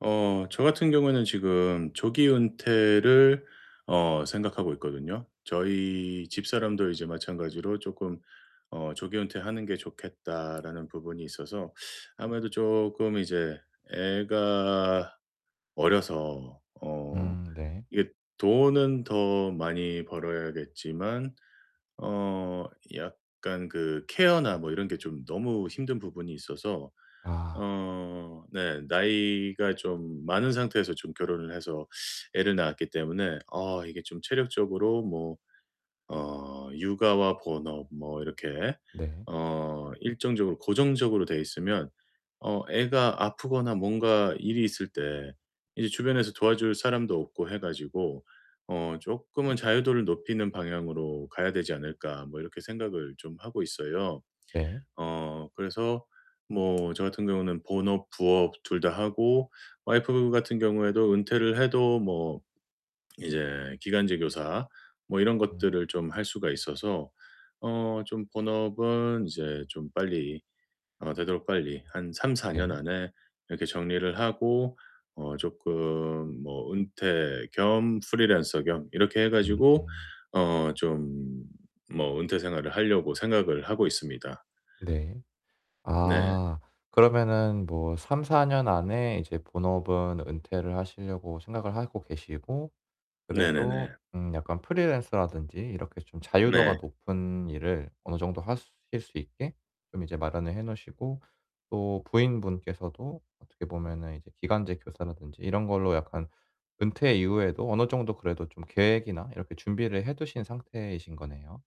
어 저 같은 경우에는 지금 조기 은퇴를 어 생각하고 있거든요. 저희 집사람도 이제 마찬가지로 쪼끔 어 "조기 은퇴하는 게 좋겠다."라는 부분이 있어서 아무래도 쪼끔 이제 애가 어려서 어 음 네. 이게 돈은 더 많이 벌어야겠지만 어 약간 그 케어나 뭐 이런 게 좀 너무 힘든 부분이 있어서 아. 어 네 나이가 좀 많은 상태에서 좀 결혼을 해서 애를 낳았기 때문에 아 이게 좀 체력적으로 뭐 어 육아와 본업 뭐 이렇게 네. 어 일정적으로 고정적으로 되어 있으면 어 애가 아프거나 뭔가 일이 있을 때 이제 주변에서 도와줄 사람도 없고 해 가지고 어 '쪼끔은 자유도를 높이는 방향으로 가야 되지 않을까?' 뭐 이렇게 생각을 좀 하고 있어요. 네. 어 그래서 뭐 저 같은 경우는 본업, 부업 둘 다 하고 와이프 같은 경우에도 은퇴를 해도 뭐 이제 기간제 교사 뭐 이런 음. 것들을 좀 할 수가 있어서 어 좀 본업은 이제 좀 빨리 어 되도록 빨리 한 3-4 년 네. 안에 이렇게 정리를 하고 어 쪼끔 뭐 은퇴 겸 프리랜서 겸 이렇게 해 음 가지고 음. 어 좀 뭐 은퇴 생활을 하려고 생각을 하고 있습니다. 네. 네. 아 그러면은 뭐 3-4 년 안에 이제 본업은 은퇴를 하시려고 생각을 하고 계시고 그래도 네네네. 음 약간 프리랜서라든지 이렇게 좀 자유도가 네. 높은 일을 어느 정도 하실 수 있게 좀 이제 마련을 해 놓으시고 또 부인분께서도 어떻게 보면은 이제 기간제 교사라든지 이런 걸로 약간 은퇴 이후에도 어느 정도 그래도 좀 계획이나 이렇게 준비를 해 두신 상태이신 거네요.